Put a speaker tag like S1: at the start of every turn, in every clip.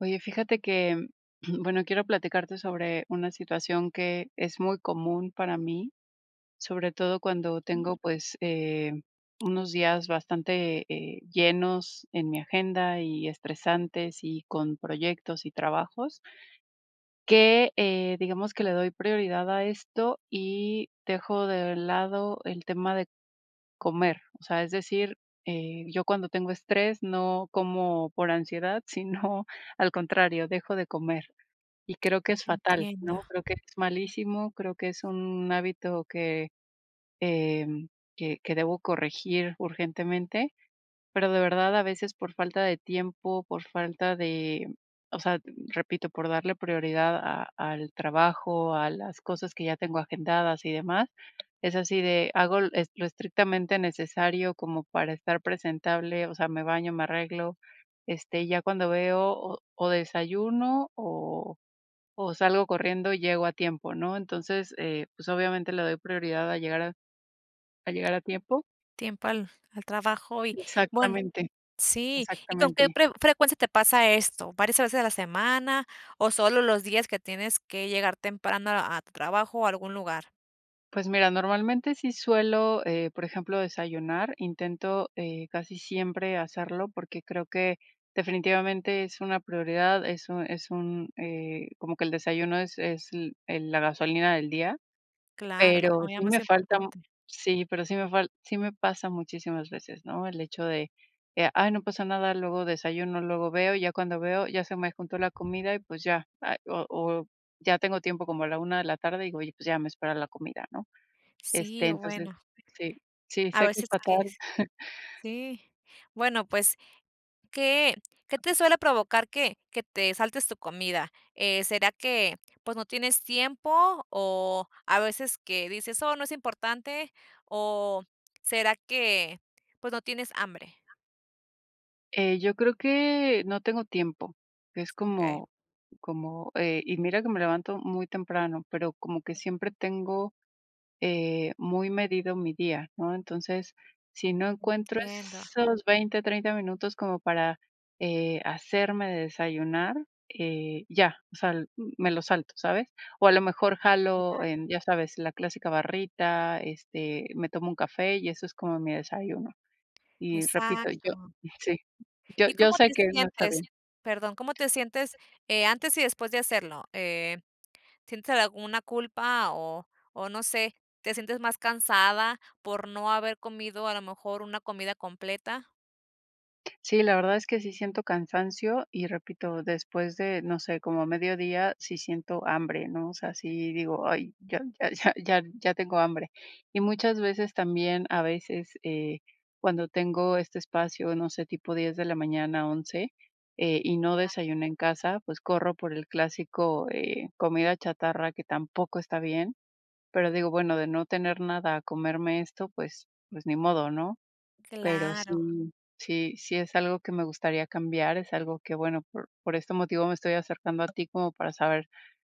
S1: Oye, fíjate que, bueno, quiero platicarte sobre una situación que es muy común para mí, sobre todo cuando tengo, pues, eh, unos días bastante, eh, llenos en mi agenda y estresantes y con proyectos y trabajos. Que, eh, digamos que le doy prioridad a esto y dejo de lado el tema de comer. O sea, es decir, eh, yo cuando tengo estrés no como por ansiedad, sino al contrario, dejo de comer. Y creo que es fatal,
S2: Entiendo.
S1: ¿no? Creo que es malísimo, creo que es un hábito que, em, que que debo corregir urgentemente, pero de verdad a veces por falta de tiempo, por falta de o sea, repito, por darle prioridad a al trabajo, a las cosas que ya tengo agendadas y demás, es así de hago e lo estrictamente necesario como para estar presentable, o sea, me baño, me arreglo, este, ya cuando veo o desayuno o o salgo corriendo y llego a tiempo, ¿no? Entonces, eh, pues obviamente le doy prioridad a llegar a a llegar a tiempo.
S2: Tiempo al al trabajo y bueno,
S1: Exactamente,
S2: sí. ¿Y con qué
S1: exactamente.
S2: pre frecuencia te pasa esto? ¿Varias veces a la semana, o solo los días que tienes que llegar temprano a tu trabajo o algún lugar?
S1: Pues mira, normalmente sí suelo, eh, por ejemplo, desayunar, intento, eh, casi siempre hacerlo, porque creo que definitivamente es una prioridad, es un es un, eh, como que el desayuno es es el la gasolina del día,
S2: Claro, la
S1: pero
S2: comida
S1: sí
S2: más
S1: me falta mm,
S2: importante.
S1: sí, pero sí me fal sí me pasa muchísimas veces, ¿no?, el hecho de: "Eh, ay, no pasa nada, luego desayuno, luego veo", y ya cuando veo, ya se me juntó la comida y, pues, ya, o o ya tengo tiempo como a la una de la tarde y, pues, ya me espera la comida, ¿no?, este,
S2: Sí,
S1: entonces,
S2: bueno.
S1: sí, sí,
S2: A
S1: sé que es
S2: veces que
S1: fatal.
S2: es sí, bueno, pues, ¿qué qué te suele provocar que que te saltes tu comida?, eh, ¿será que, pues, no tienes tiempo, o a veces que dices: "Oh, no es importante" o será
S1: Eh.
S2: que, pues, no tienes hambre?
S1: Eh, yo creo que, no tengo tiempo, es
S2: Okey.
S1: como como, eh, y mira que me levanto muy temprano, pero como que siempre tengo, eh, muy medido mi día, ¿no?, entonces, si no encuentro
S2: Entiendo.
S1: esos 20, 30 minutos como para, eh, hacerme de desayunar, eh, ya, o sea, me lo salto, ¿sabes?, o a lo mejor jalo
S2: Claro.
S1: en, ya sabes, la clásica barrita, este, me tomo un café y eso es como mi desayuno, y repito, yo
S2: Exacto.
S1: sí, y
S2: ¿Y
S1: yo
S2: cómo
S1: sé
S2: te
S1: que no está bien.
S2: sientes?, perdón, ¿cómo te sientes, eh, antes y después de hacerlo?, eh, ¿sientes alguna culpa o o no sé, te sientes más cansada por no haber comido a lo mejor una comida completa?
S1: Sí, la verdad es que sí siento cansancio, y repito, después de, no sé, como mediodía, sí siento hambre, ¿no? O sea, sí digo: "Ay, ya ya ya ya tengo hambre". Y muchas veces, también, a veces, eh, cuando tengo este espacio, no sé, tipo 10 de la mañana, 11 eh, y no
S2: Claro.
S1: desayuné en casa, pues, corro por el clásico, eh, comida chatarra que tampoco está bien. Pero digo, bueno, de no tener nada a comerme esto, pues pues, ni modo, ¿no? Pero
S2: Claro.
S1: sí sí sí es algo que me gustaría cambiar, es algo que, bueno, por por este motivo me estoy acercando a ti como para saber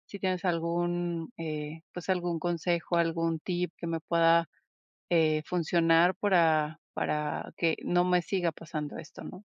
S1: si tienes algún, eh, pues, algún consejo, algún tip que me pueda, eh, funcionar para para que no me siga pasando esto, ¿no?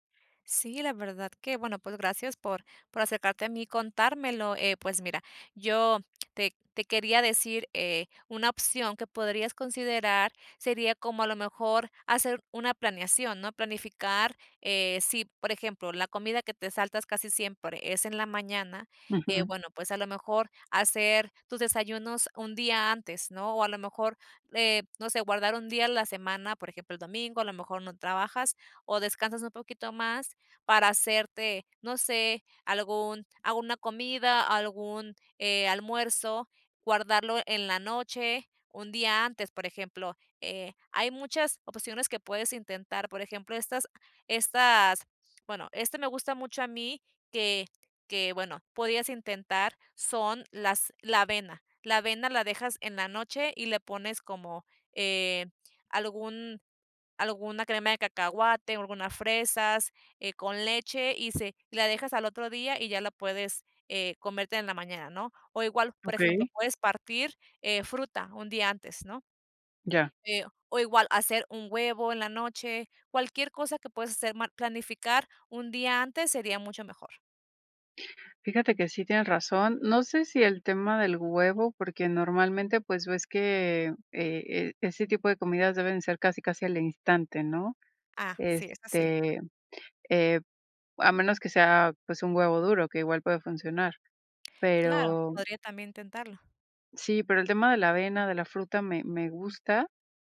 S2: Sí, la verdad que, bueno, pues, gracias por por acercarte a mí y contármelo, eh, pues, mira, yo te te quería decir, eh, una opción que podrías considerar sería como a lo mejor hacer una planeación, ¿no? Planificar, eh, sí, por ejemplo, la comida que te saltas casi siempre es en la mañana, eh,
S1: Ujú.
S2: bueno, pues, a lo mejor, hacer tus desayunos un día antes, ¿no? O a lo mejor, eh, no sé, guardar un día a la semana, por ejemplo, el domingo, a lo mejor no trabajas o descansas un poquito más para hacerte, no sé, algún alguna comida, algún, eh, almuerzo, guardarlo en la noche, un día antes, por ejemplo, eh, hay muchas opciones que puedes intentar. Por ejemplo, estas estas bueno, este me gusta mucho a mí que que, bueno, podías intentar, son las la avena. La avena la dejas en la noche y le pones como, eh, algún alguna crema de cacahuate, alguna fresas, eh, con leche y se la dejas al otro día y ya la puedes, eh, comértela en la mañana, ¿no? O igual, por ejemplo,
S1: Okey.
S2: puedes partir, eh, fruta un día antes, ¿no?
S1: Ya.
S2: Eh, o igual hacer un huevo en la noche, cualquier cosa que puedas hacer ma planificar un día antes sería mucho mejor.
S1: Fíjate que sí tienen razón. No sé si el tema del huevo, porque normalmente, pues ves que, eh, e ese tipo de comidas deben ser casi, casi al instante, ¿no?
S2: Ah, sí, eso sí.
S1: Este, eh, a menos que sea, pues, un huevo duro, que igual puede funcionar.
S2: Claro,
S1: Pero
S2: podría también intentarlo.
S1: sí, pero el tema de la avena, de la fruta me me gusta,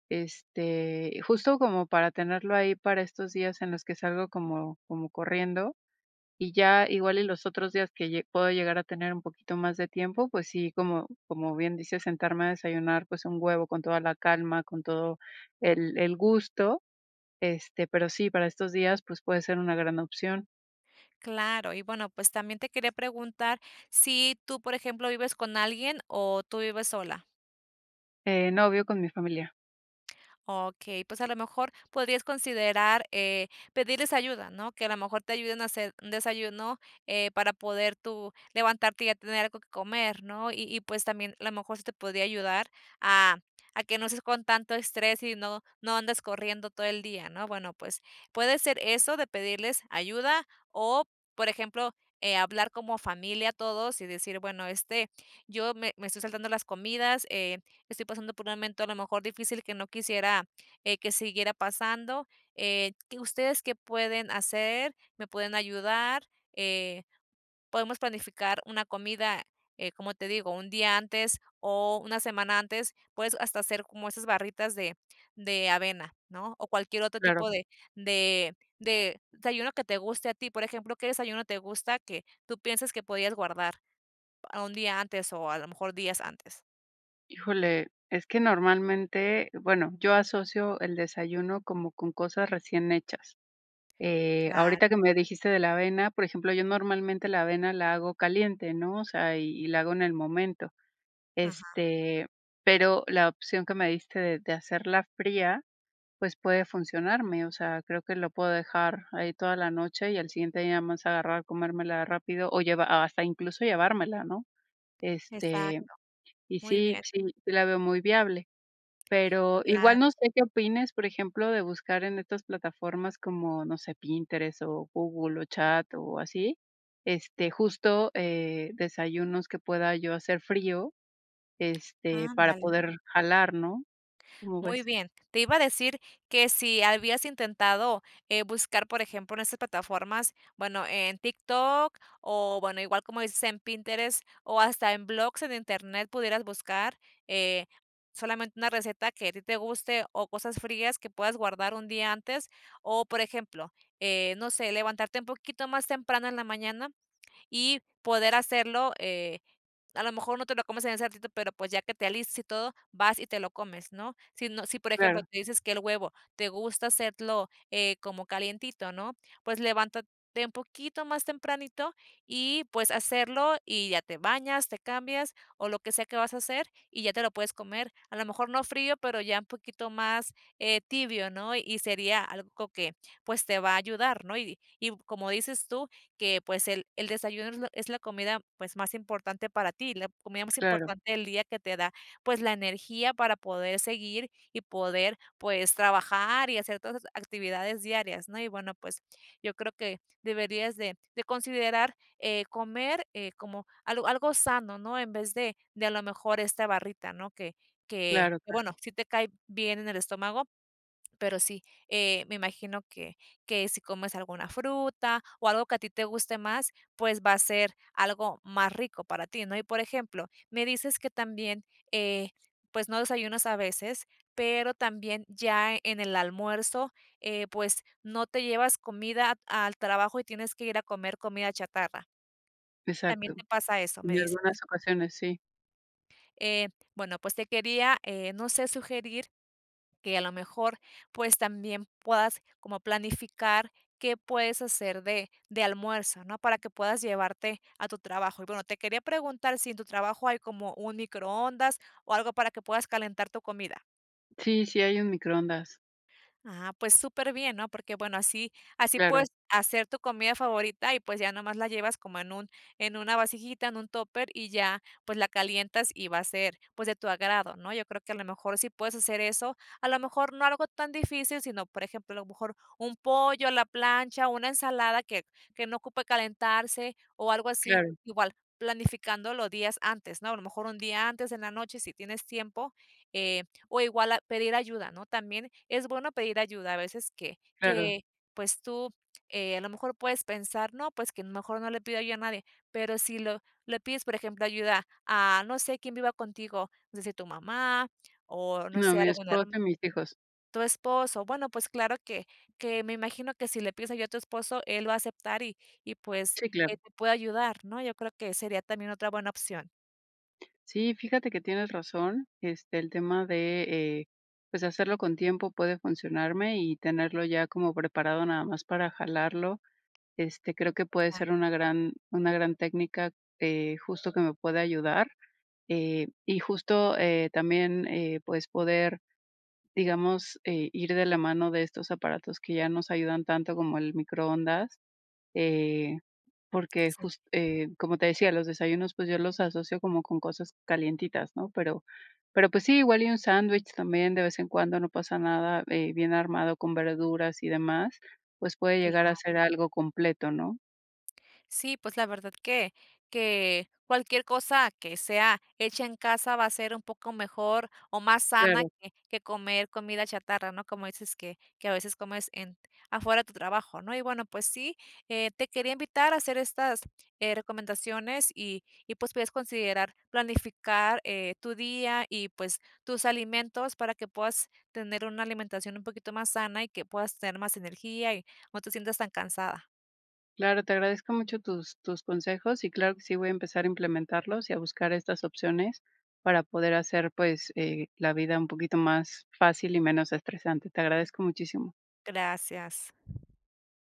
S1: este, justo como para tenerlo ahí para estos días en los que salgo como como corriendo, y ya igual y los otros días que lle puedo llegar a tener un poquito más de tiempo, pues sí, como como bien dices, sentarme a desayunar, pues un huevo con toda la calma, con todo el el gusto. Este, pero sí, para estos días, pues, puede ser una gran opción.
S2: Claro, y bueno, pues también te quería preguntar si tú, por ejemplo, ¿vives con alguien o tú vives sola?
S1: Eh, no, vivo con mi familia.
S2: Okey, pues, a lo mejor podrías considerar, eh, pedirles ayuda, ¿no? Que a lo mejor te ayuden a hacer un desayuno, eh, para poder tú levantarte y ya tener algo que comer, ¿no? Y y, pues también, a lo mejor, se te podría ayudar a a que no estés con tanto estrés y no no andes corriendo todo el día, ¿no? Bueno, pues puede ser eso de pedirles ayuda o por ejemplo, eh, hablar como familia todos y decir bueno, este, yo me me estoy saltando las comidas, eh, estoy pasando por un momento a lo mejor difícil que no quisiera, eh, que siguiera pasando, eh, ¿qué ustedes qué pueden hacer? ¿Me pueden ayudar? Eh, podemos planificar una comida, eh, como te digo, un día antes o una semana antes, puedes hasta hacer como esas barritas de de avena, ¿no? O cualquier otro
S1: Claro.
S2: tipo de de de desayuno que te guste a ti. Por ejemplo, ¿qué desayuno te gusta que tú pienses que podías guardar un día antes o a lo mejor días antes?
S1: Híjole, es que normalmente, bueno, yo asocio el desayuno como con cosas recién hechas. Eh,
S2: Claro.
S1: ahorita que me dijiste de la avena, por ejemplo, yo normalmente la avena la hago caliente, ¿no? O sea, y y la hago en el momento.
S2: Ajá.
S1: Este, pero la opción que me diste de de hacerla fría, pues, puede funcionarme, o sea, creo que lo puedo dejar ahí toda la noche y al siguiente día nada más agarrar, comérmela rápido o llevar hasta incluso, llevármela, ¿no? Este,
S2: Exacto.
S1: y
S2: Muy
S1: sí,
S2: bien.
S1: sí, sí la veo muy viable. Pero igual,
S2: Claro.
S1: no sé qué opines, por ejemplo, de buscar en estas plataformas como, no sé, Pinterest o Google, o Chat, o así, este, justo, eh, desayunos que pueda yo hacer frío, este, para
S2: Ándale.
S1: poder jalar, ¿no? ¿Cómo
S2: Muy
S1: ves?
S2: bien. Te iba a decir que si habías intentado, eh, buscar, por ejemplo, en esa plataformas, bueno, en TikTok o bueno, igual como dices, en Pinterest o hasta en blogs en Internet pudieras buscar, eh, solamente una receta que a ti te guste o cosas frías que puedas guardar un día antes. O, por ejemplo, eh, no sé, levantarte un poquito más temprano en la mañana y poder hacerlo, eh, a lo mejor no te lo comes en ese ratito, pero, pues, ya que te alistes y todo, vas y te lo comes, ¿no? Si no, si, por ejemplo,
S1: Claro.
S2: tú dices que el huevo te gusta hacerlo como calientito, ¿no? Pues, levántate un poquito más tempranito y, pues, hacerlo y ya te bañas, te cambias o lo que sea que vas a hacer, y ya te lo puedes comer. A lo mejor, no frío, pero ya un poquito más, eh, tibio, ¿no? Y sería algo que, pues, te va a ayudar, ¿no? Y y como dices tú, que, pues, el el desayuno es la es la comida, pues, más importante para ti, la comida más
S1: Claro.
S2: importante del día que te da, pues, la energía para poder seguir y poder, pues, trabajar y hacer todas las actividades diarias, ¿no? Y bueno, pues, yo creo que deberías de de considerar, eh, comer, eh, como algo algo sano, ¿no?, en vez de de a lo mejor, esta barrita, ¿no?, que que,
S1: Claro, claro.
S2: bueno, sí te cae bien en el estómago, pero sí, eh, me imagino que que si comes alguna fruta o algo que a ti te guste más, pues, va a ser algo más rico para ti, ¿no? Y, por ejemplo, me dices que también, eh, pues, no desayunas a veces, pero también ya, en el almuerzo, eh, pues, no te llevas comida al trabajo y tienes que ir a comer comida chatarra. También
S1: Exacto,
S2: te pasa eso, me
S1: en
S2: dices.
S1: algunas ocasiones, sí.
S2: Eh, bueno, pues te quería, eh, no sé, sugerir que a lo mejor, pues también puedas como planificar qué puedes hacer de de almuerzo, ¿no?, para que puedas llevarte a tu trabajo. Y bueno, te quería preguntar si en tu trabajo hay como un microondas o algo para que puedas calentar tu comida.
S1: Sí, sí hay un microondas.
S2: Ah, pues superbién, ¿no? Porque, bueno, así así
S1: Claro.
S2: puedes hacer tu comida favorita y, pues, ya nomás la llevas como en un en una vasijita, en un tóper, y ya, pues, la calientas y va a ser, pues, de tu agrado, ¿no? Yo creo que a lo mejor sí puedes hacer eso. A lo mejor no algo tan difícil, sino, por ejemplo, a lo mejor un pollo a la plancha, o una ensalada que que no ocupe calentarse o algo así.
S1: Claro.
S2: Igual, planificándolo días antes, ¿no? A lo mejor un día antes en la noche si tienes tiempo, eh, o igual a pedir ayuda, ¿no? También es bueno pedir ayuda, a veces que
S1: Claro.
S2: que, pues, tú, eh, a lo mejor puedes pensar, ¿no?, pues, que mejor no le pida yo a nadie, pero si lo le pides, por ejemplo, ayuda a, no sé, quien viva contigo, no sé si tu mamá o, no
S1: No,
S2: sé,
S1: mi
S2: algún
S1: esposo
S2: herm
S1: y mis hijos.
S2: tu esposo, bueno, pues, claro que que me imagino que si le pides ayuda a tu esposo, él va a aceptar y y, pues,
S1: Sí, claro.
S2: él te puede ayudar, ¿no? Yo creo que sería también otra buena opción.
S1: Sí, fíjate que, tienes razón, este, el tema de, eh, pues, de hacerlo con tiempo puede funcionarme y tenerlo ya como preparado nada más para jalarlo, este, creo que puede
S2: Ah.
S1: ser una gran una gran técnica, eh, justo que me puede ayudar, eh, y justo, eh, también, eh, pues, poder, digamos, eh, ir de la mano de estos aparatos que ya nos ayudan tanto como el microondas, eh, porque,
S2: Sí.
S1: just eh, como te decía, los desayunos, pues, yo los asocio como con cosas calientitas, ¿no?, pero pero, pues, sí, igual y un sándwich también, de vez en cuando no pasa nada, eh, bien armado con verduras y demás, pues, puede llegar
S2: Claro.
S1: a ser algo completo, ¿no?
S2: Sí, pues, la verdad que, que cualquier cosa que sea hecha en casa va a ser un poco mejor o más sana
S1: Claro.
S2: que que comer comida chatarra, ¿no?, como dices que que a veces comes en afuera de tu trabajo, ¿no?, y bueno, pues sí, eh, te quería invitar a hacer estas, eh, recomendaciones y y, pues, puedes considerar planificar, eh, tu día y, pues, tus alimentos, para que puedas tener una alimentación un poquito más sana y que puedas tener más energía y no te sientas tan cansada.
S1: Claro, te agradezco mucho tus tus consejos, y claro que sí voy a empezar a implementarlos y a buscar estas opciones, para poder hacer, pues, eh, la vida un poquito más fácil y menos estresante, te agradezco muchísimo.
S2: Gracias.